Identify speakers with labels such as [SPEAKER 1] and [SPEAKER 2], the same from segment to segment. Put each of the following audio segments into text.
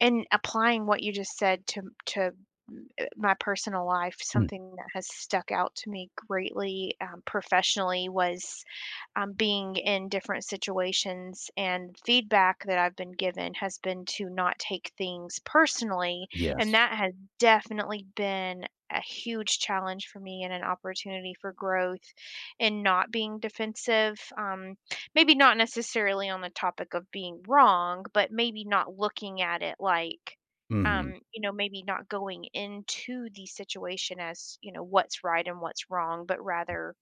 [SPEAKER 1] In applying what you just said to m to, uh, my personal life,
[SPEAKER 2] Mm.
[SPEAKER 1] something that has stuck out to me greatly, um, professionally was, um, being in different situations and feedback that I've been given has been to not take things personally. And
[SPEAKER 2] Yes.
[SPEAKER 1] that has definitely been a huge challenge for me and an opportunity for growth and not being defensive. Um, maybe not necessarily on the topic of being wrong, but maybe not looking at it like,
[SPEAKER 2] Mhm.
[SPEAKER 1] um, you know, maybe not going into the situation as, you know, what's right and what's wrong, but rather,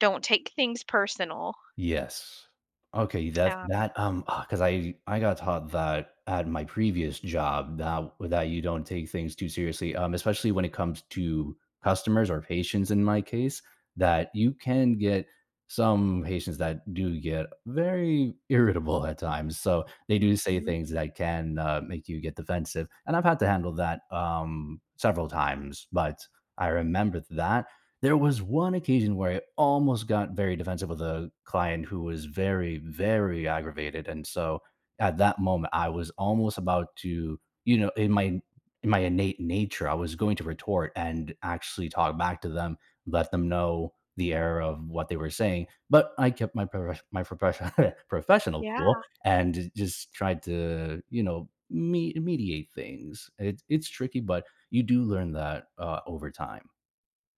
[SPEAKER 1] don't take things personal.
[SPEAKER 2] Yes. Okay, you that
[SPEAKER 1] Um
[SPEAKER 2] that, um, ugh 'cause I I got taught that at my previous job that with that you don't take things too seriously, um, especially when it comes to customers or patients in my case, that you can get some patients that do get very irritable at times. So, they do say
[SPEAKER 1] Mhm.
[SPEAKER 2] things that can, uh, make you get defensive, and I've had to handle that, um, several times. But I remember that there was one occasion where I almost got very defensive with a client who was very, very aggravated, and so at that moment, I was almost about to, you know in my in in my innate nature, I was going to retort and actually talk back to them, let them know the error of what they were saying, but I kept my proref my professio professional cool
[SPEAKER 1] Yeah.
[SPEAKER 2] and ju just tried to, you know, me mediate things. It's it's tricky, but you do learn that, uh, over time.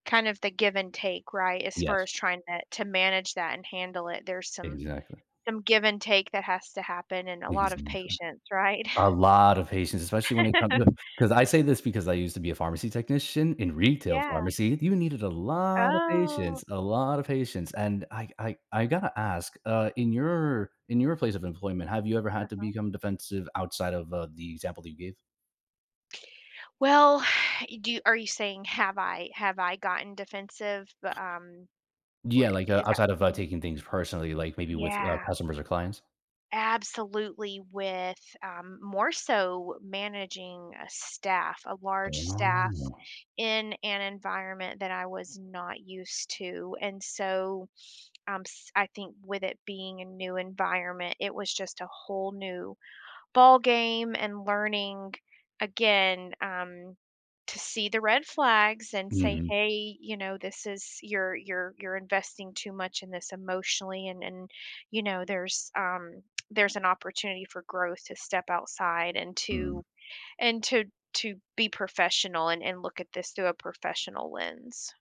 [SPEAKER 1] Kind of the give and take, right? As far
[SPEAKER 2] Yes.
[SPEAKER 1] as trying to to manage that and handle it, there's some
[SPEAKER 2] Exactly.
[SPEAKER 1] some give and take that has to happen and a
[SPEAKER 2] But
[SPEAKER 1] lot
[SPEAKER 2] he's
[SPEAKER 1] of
[SPEAKER 2] in the clear.
[SPEAKER 1] patience, right?
[SPEAKER 2] A lot of patience, especially when it comes to 'Cause I say this because I used to be a pharmacy technician in retail
[SPEAKER 1] Yeah.
[SPEAKER 2] pharmacy, you needed a lot of
[SPEAKER 1] Oh.
[SPEAKER 2] patience, a lot of patience, and I I I gotta ask, uh, in your in your place of employment, have you ever had to
[SPEAKER 1] Uh-huh.
[SPEAKER 2] become defensive outside of, uh, the example that you gave?
[SPEAKER 1] Well, you do are you saying have I have I gotten defensive, bu um, or
[SPEAKER 2] Yeah, like, uh,
[SPEAKER 1] is that
[SPEAKER 2] outside of, uh,
[SPEAKER 1] Mhm.
[SPEAKER 2] taking things personally, like, maybe with, uh,
[SPEAKER 1] Yeah.
[SPEAKER 2] customers or clients?
[SPEAKER 1] Absolutely, with, um, more so managing a staff, a large staff
[SPEAKER 2] Oh.
[SPEAKER 1] in an environment that I was not used to, and so, um, s I think with it being a new environment, it was just a whole new ballgame and learning, again, um, to see the red flags and say,
[SPEAKER 2] Mhm.
[SPEAKER 1] "Hey, you know, this is you're you're you're investing too much in this emotionally and and, you know, there's um, there's an opportunity for growth to step outside and
[SPEAKER 2] Mm.
[SPEAKER 1] to and to to be professional and and look at this through a professional lens."